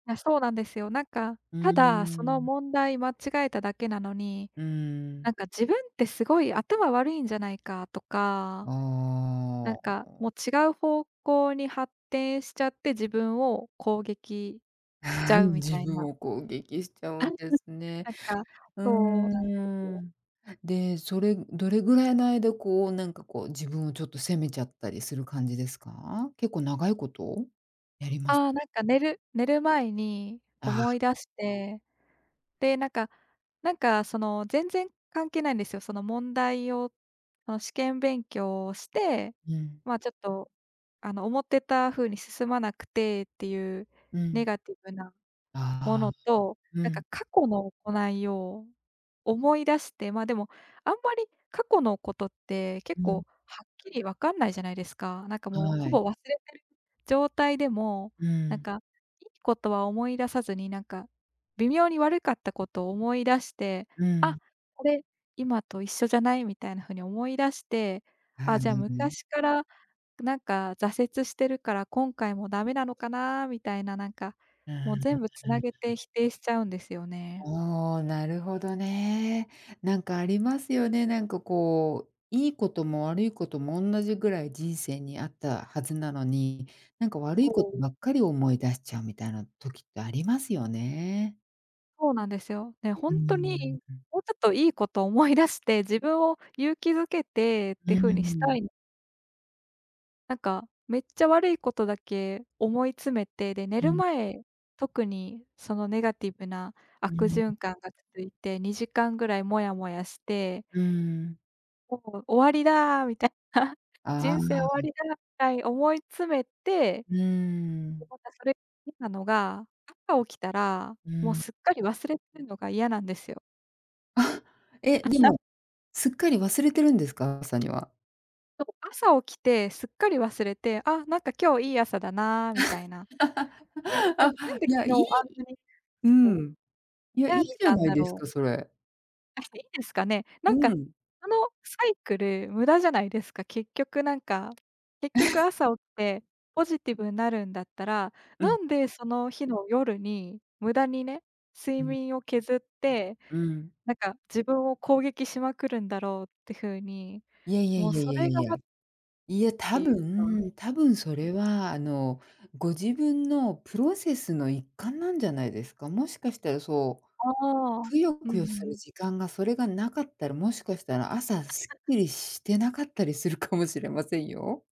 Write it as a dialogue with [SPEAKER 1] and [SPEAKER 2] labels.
[SPEAKER 1] あ、そうなんですよ。なんか、
[SPEAKER 2] う
[SPEAKER 1] ただその
[SPEAKER 2] ん。
[SPEAKER 1] 問題間違えただけなのに、
[SPEAKER 2] う
[SPEAKER 1] な
[SPEAKER 2] ん。
[SPEAKER 1] んか自分ってすごい頭悪いんじゃないかとか、なん
[SPEAKER 2] あ
[SPEAKER 1] か、
[SPEAKER 2] あ。
[SPEAKER 1] もう違う方向に発展しちゃって、自分を攻撃しち
[SPEAKER 2] ああ、う
[SPEAKER 1] ゃう
[SPEAKER 2] ん、
[SPEAKER 1] み
[SPEAKER 2] 自
[SPEAKER 1] たい
[SPEAKER 2] 分
[SPEAKER 1] な。
[SPEAKER 2] を攻撃しちゃうんで すね。
[SPEAKER 1] なんか
[SPEAKER 2] う
[SPEAKER 1] そうなんです
[SPEAKER 2] ー
[SPEAKER 1] よ。
[SPEAKER 2] ん。で、それ、どれぐらいの間こうなんかこう、自分をちょっと責めちゃったりする感じですか？結構長いことやります
[SPEAKER 1] ああ、なんか寝る寝る前に
[SPEAKER 2] ああ。
[SPEAKER 1] 思い出して。で、なんかなんかその、全然関係ないんですよ。その問題をその試験勉強をして、
[SPEAKER 2] うん。
[SPEAKER 1] まあ、ちょっとあの思ってた風に進まなくてっていう
[SPEAKER 2] う
[SPEAKER 1] ネ
[SPEAKER 2] ん。
[SPEAKER 1] ガティブなも
[SPEAKER 2] ああ、
[SPEAKER 1] のと、
[SPEAKER 2] う
[SPEAKER 1] なんか
[SPEAKER 2] ん。
[SPEAKER 1] 過去の行いを、思い出して、ま、でもあんまり過去のことって結
[SPEAKER 2] うん。
[SPEAKER 1] 構はっきりわかんないじゃないですか。なんかもうほ
[SPEAKER 2] は
[SPEAKER 1] ぼ
[SPEAKER 2] い。
[SPEAKER 1] 忘れてる状態でも、
[SPEAKER 2] う
[SPEAKER 1] なん
[SPEAKER 2] ん。
[SPEAKER 1] か、いいことは思い出さずになんか、微妙に悪かったことを思い出して、
[SPEAKER 2] う
[SPEAKER 1] 「あ、
[SPEAKER 2] ん。
[SPEAKER 1] これ今と一緒じゃない？」みたいな風に思い出して、「あ、
[SPEAKER 2] は
[SPEAKER 1] じゃあ
[SPEAKER 2] い。
[SPEAKER 1] 昔からなんか挫折してるから今回もダメなのかな」みたいな、なんか
[SPEAKER 2] うん、う
[SPEAKER 1] もう
[SPEAKER 2] ん
[SPEAKER 1] 全部
[SPEAKER 2] う
[SPEAKER 1] 繋げて
[SPEAKER 2] ん。
[SPEAKER 1] 否定しちゃうんですよね。
[SPEAKER 2] ああ、なるほどね。なんかありますよね、なんかこう、いいことも悪いことも、おんなじぐらい人生にあったはずなのに、なんか悪
[SPEAKER 1] う
[SPEAKER 2] いこと
[SPEAKER 1] ん。
[SPEAKER 2] ばっかり思い出しちゃうみたいな時ってありますよね。
[SPEAKER 1] そうなんですよ。ね、ほ
[SPEAKER 2] うー
[SPEAKER 1] んとに、
[SPEAKER 2] ん。
[SPEAKER 1] もうちょっといいことを思い出して、自分を勇気づけてっ
[SPEAKER 2] う
[SPEAKER 1] て風にした
[SPEAKER 2] ん。
[SPEAKER 1] いなんかめっちゃ悪いことだけ思い詰めて、で、寝
[SPEAKER 2] う
[SPEAKER 1] る
[SPEAKER 2] ん。
[SPEAKER 1] 前、特にそのネガティブな
[SPEAKER 2] う
[SPEAKER 1] 悪
[SPEAKER 2] ん。
[SPEAKER 1] 循環が続いて、2時間ぐらいモヤモヤして。
[SPEAKER 2] うん。
[SPEAKER 1] もう「終わりだ」みたいな、
[SPEAKER 2] あ
[SPEAKER 1] 「人生終わ
[SPEAKER 2] あ。
[SPEAKER 1] りだ」みたいに思い詰めて。
[SPEAKER 2] う
[SPEAKER 1] で、
[SPEAKER 2] ん。
[SPEAKER 1] またそれ変なのが、朝起きたら、
[SPEAKER 2] う
[SPEAKER 1] もう
[SPEAKER 2] ん。
[SPEAKER 1] すっかり忘れてるのが嫌なんですよ。
[SPEAKER 2] あ、え、で も、すっかり忘れてるんですか？朝には。
[SPEAKER 1] そう朝起きてすっかり忘れて、「あ、なんか今日いい朝だな」みたいな。で、なん
[SPEAKER 2] あ、
[SPEAKER 1] なんで
[SPEAKER 2] いや、
[SPEAKER 1] 昨日
[SPEAKER 2] い
[SPEAKER 1] あ
[SPEAKER 2] い
[SPEAKER 1] んなに
[SPEAKER 2] う
[SPEAKER 1] そ
[SPEAKER 2] ん。いや、
[SPEAKER 1] う、
[SPEAKER 2] い
[SPEAKER 1] 悩
[SPEAKER 2] い
[SPEAKER 1] んで
[SPEAKER 2] じゃ
[SPEAKER 1] たん
[SPEAKER 2] ない
[SPEAKER 1] だ
[SPEAKER 2] です
[SPEAKER 1] ろう。
[SPEAKER 2] か、それ。
[SPEAKER 1] あ、いいですかね。な
[SPEAKER 2] う
[SPEAKER 1] んか、
[SPEAKER 2] ん。
[SPEAKER 1] そのサイクル無駄じゃないですか。結局なんか、結局、朝起きてポジティブなるんだったら、
[SPEAKER 2] う
[SPEAKER 1] な
[SPEAKER 2] ん。
[SPEAKER 1] んでその日の夜に無駄にね、
[SPEAKER 2] う
[SPEAKER 1] 睡
[SPEAKER 2] ん。
[SPEAKER 1] 眠を削って、
[SPEAKER 2] うん。
[SPEAKER 1] なんか自分を攻撃しまくるんだろうって風に、
[SPEAKER 2] いやいや
[SPEAKER 1] もう
[SPEAKER 2] いやい
[SPEAKER 1] そ
[SPEAKER 2] やい
[SPEAKER 1] れ
[SPEAKER 2] やい
[SPEAKER 1] が
[SPEAKER 2] や。
[SPEAKER 1] ま
[SPEAKER 2] いや、
[SPEAKER 1] って
[SPEAKER 2] 多
[SPEAKER 1] いうか、うん。
[SPEAKER 2] 分多分それはあの、ご自分のプロセスの一環なんじゃないですか？もしかしたらそう、
[SPEAKER 1] ああ、
[SPEAKER 2] くよ
[SPEAKER 1] うんう
[SPEAKER 2] くよする
[SPEAKER 1] ん。
[SPEAKER 2] 時間がそれがなかったら、もしかしたら朝スッ キリしてなかったりするかもしれませんよ。